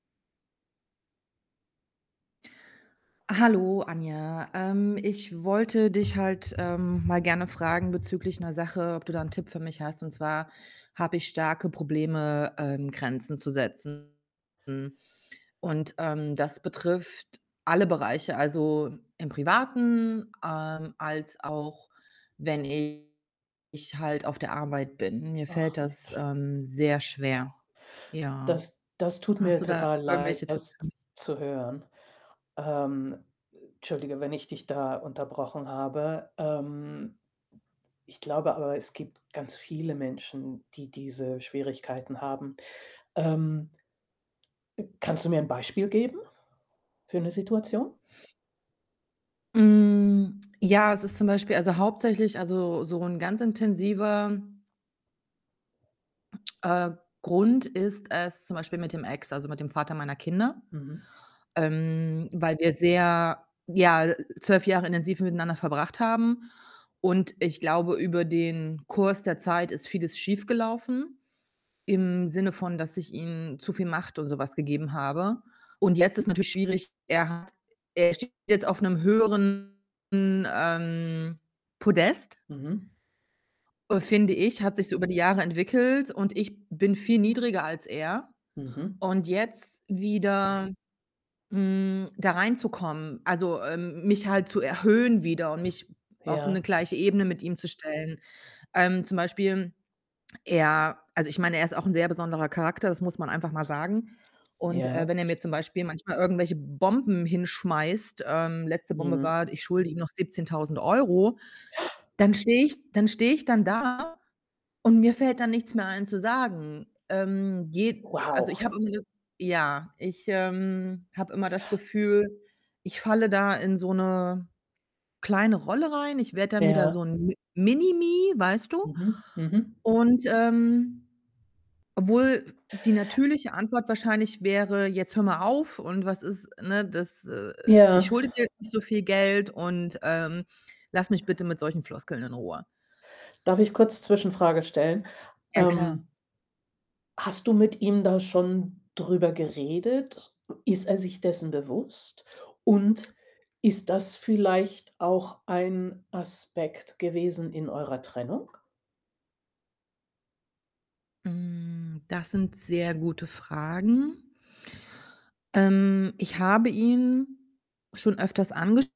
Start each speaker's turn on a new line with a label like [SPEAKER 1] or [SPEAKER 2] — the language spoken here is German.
[SPEAKER 1] Hallo Anja. Ähm, ich wollte dich halt, ähm, mal gerne fragen bezüglich 'ner Sache, ob du da 'n Tipp für mich hast. Und zwar habe ich starke Probleme, ähm, Grenzen zu setzen. Und, ähm, das betrifft alle Bereiche. Also, im Privaten, ähm, als auch wenn ich halt auf der Arbeit bin. Mir fällt
[SPEAKER 2] Ach,
[SPEAKER 1] das,
[SPEAKER 2] Mensch.
[SPEAKER 1] ähm, sehr schwer. Ja.
[SPEAKER 2] Das das tut
[SPEAKER 1] Hast
[SPEAKER 2] mir
[SPEAKER 1] du da
[SPEAKER 2] total leid,
[SPEAKER 1] irgendwelche Tipps
[SPEAKER 2] das
[SPEAKER 1] für mich?
[SPEAKER 2] zu hören. Ähm, entschuldige, wenn ich dich da unterbrochen habe, ähm. Ich glaube aber, es gibt ganz viele Menschen, die diese Schwierigkeiten haben. Ähm, äh, kannst du mir 'n Beispiel geben für 'ne Situation?
[SPEAKER 1] Hm, ja, es ist zum Beispiel also, hauptsächlich also, so 'n ganz intensiver äh, Grund ist es zum Beispiel mit dem Ex, also, mit dem Vater meiner Kinder,
[SPEAKER 2] Mhm.
[SPEAKER 1] ähm, weil wir sehr ja, äh, 12 Jahre intensiv miteinander verbracht haben und ich glaube, über den Kurs der Zeit ist vieles schiefgelaufen. Im Sinne von, dass ich ihm zu viel Macht und so was gegeben habe und jetzt ist natürlich schwierig. Er hat er steht jetzt auf 'nem höheren, ähm, Podest
[SPEAKER 2] Mhm.
[SPEAKER 1] finde ich, hat sich so über die Jahre entwickelt, und ich bin viel niedriger als er
[SPEAKER 2] Mhm.
[SPEAKER 1] und jetzt wieder, hm, da reinzukommen, also, ähm, mich halt zu erhöhen wieder und mich auf 'ne
[SPEAKER 2] Ja.
[SPEAKER 1] gleiche Ebene mit ihm zu stellen. Ähm, zum Beispiel er also, ich meine, er ist auch 'n sehr besonderer Charakter, das muss man einfach mal sagen und, äh,
[SPEAKER 2] Ja.
[SPEAKER 1] wenn er mir zum Beispiel manchmal irgendwelche Bomben hinschmeißt ähm, letzte Bombe
[SPEAKER 2] Mhm.
[SPEAKER 1] war, ich schulde ihm noch 17.000 €. Dann stehe ich dann stehe ich dann da und mir fällt dann nichts mehr ein zu sagen. Ähm, geht also,
[SPEAKER 2] Wow.
[SPEAKER 1] ich habe immer das ja, ich, ähm, habe immer das Gefühl, ich falle da in so 'ne kleine Rolle rein. Ich werde dann wieder
[SPEAKER 2] Ja.
[SPEAKER 1] so 'n M Mini-Me, weißt du?
[SPEAKER 2] Mhm, mhm.
[SPEAKER 1] Und, ähm obwohl die natürliche Antwort wahrscheinlich wäre: „Jetzt hör mal auf.“ Und „Was ist“ ne? „Das äh, äh, ich
[SPEAKER 2] Ja.
[SPEAKER 1] schulde dir nicht so viel Geld und, ähm, lass mich bitte mit solchen Floskeln in Ruhe.“
[SPEAKER 2] Darf ich kurz Zwischenfrage stellen?
[SPEAKER 1] Ja, klar.
[SPEAKER 2] Ähm hast du mit ihm da schon drüber geredet? Ist er sich dessen bewusst? Und ist das vielleicht auch ein Aspekt gewesen in eurer Trennung?
[SPEAKER 1] Hm, das sind sehr gute Fragen. Ähm, ich habe ihn schon öfters angesch